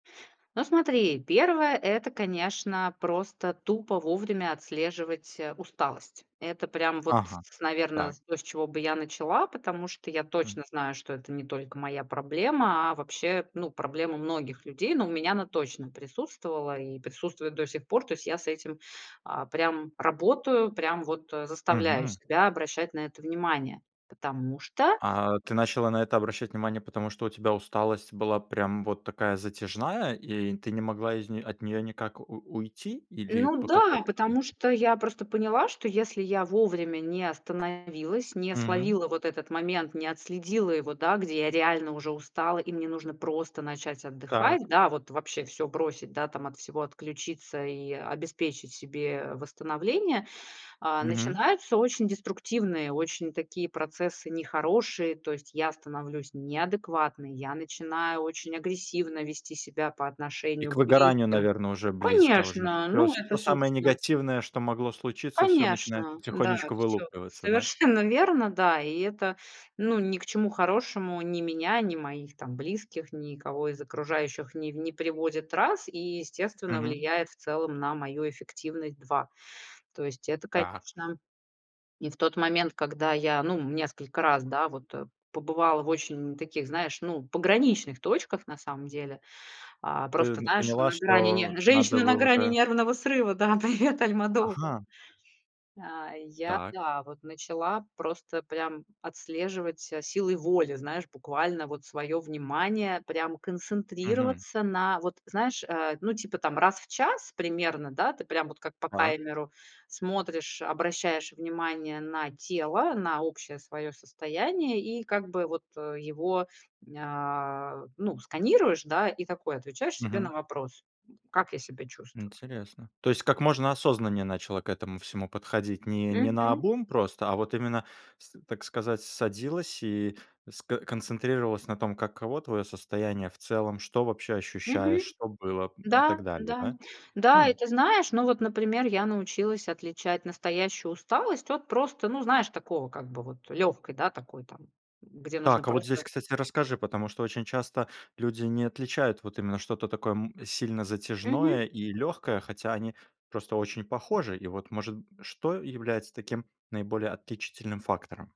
Ну, смотри, 1- это, конечно, просто тупо вовремя отслеживать, э, усталость. Это прям вот, Ага, наверно, так. то, с чего бы я начала. Потому что я Хм. точно знаю, что это не только моя проблема, а вообще, ну, проблема многих людей. Но у меня она точно присутствовала и присутствует до сих пор. То есть я с этим, а, прям работаю, прям вот, э, заставляю Мгм. себя обращать на это внимание. Потому что А ты начала на это обращать внимание, потому что у тебя усталость была прям вот такая затяжная, и ты не могла из нее от нее никак у уйти или Ну, по какой да. причине? Потому я просто поняла, что если я вовремя не остановилась, не Мм. словила вот этот момент, не отследила его, да, где я реально уже устала и мне нужно просто начать отдыхать, Так. да, вот вообще всё бросить, да, там, от всего отключиться и обеспечить себе восстановление, а, Мгм. начинаются очень деструктивные, очень такие процессы нехорошие. То есть я становлюсь неадекватной, я начинаю очень агрессивно вести себя по И отношению к к выгоранию, близким. наверно, уже близко уже. Конечно, Всё ну, это, всё самое собственно негативное, что могло случиться, всё начинает конечно, да. потихонечку Всё вылупливаться, да? совершенно верно. Да. И это, ну, ни к чему хорошему ни меня, ни моих там близких, никого из окружающих не в не приводит- раз. И, естественно, Мгм. влияет в целом на мою эффективность- 2. То есть это, Так. конечно и в тот момент, когда я, ну, несколько раз, да, вот, э, побывала в очень таких, знаешь, ну, пограничных точках, на самом деле. А-а, Ты просто, не знаешь, поняла, на грани что нер надо "Женщина на бы грани уже нервного срыва", да, привет Альмодовар. Ага. А-а. Я Так. да, вот, начала просто прям отслеживать ся силой воли, знаешь, буквально вот своё внимание прям Мгм. концентрироваться на вот знаешь, э, ну, типа там раз в час примерно, да, ты прям вот как по Так. таймеру смотришь, обращаешь внимание на тело, на общее своё состояние и как бы вот, э, его, ня, ну, сканируешь, да, и такой отвечаешь себе на Мгм. вопрос: "Как я себя чувствую?" Интересно. То есть как можно осознаннее начала к этому всему подходить? Не не Мгм. наобум просто, а вот именно с так сказать, садилась и с ко концентрировалась на том, каково твое состояние в целом, что вообще ощущаешь, Мгм. что было, м, и Да, так далее, да, да? да. И Хм. ты знаешь, ну, вот, например, я научилась отличать настоящую усталость от просто, ну, знаешь, такого как бы вот лёгкой, да, такой там, где нужно Так, а вот просто здесь, кстати, расскажи, потому что очень часто люди не отличают вот именно что-то такое, м, сильно Мгм. затяжное и легкое, хотя они просто очень похожи. И вот, может что является таким наиболее отличительным фактором?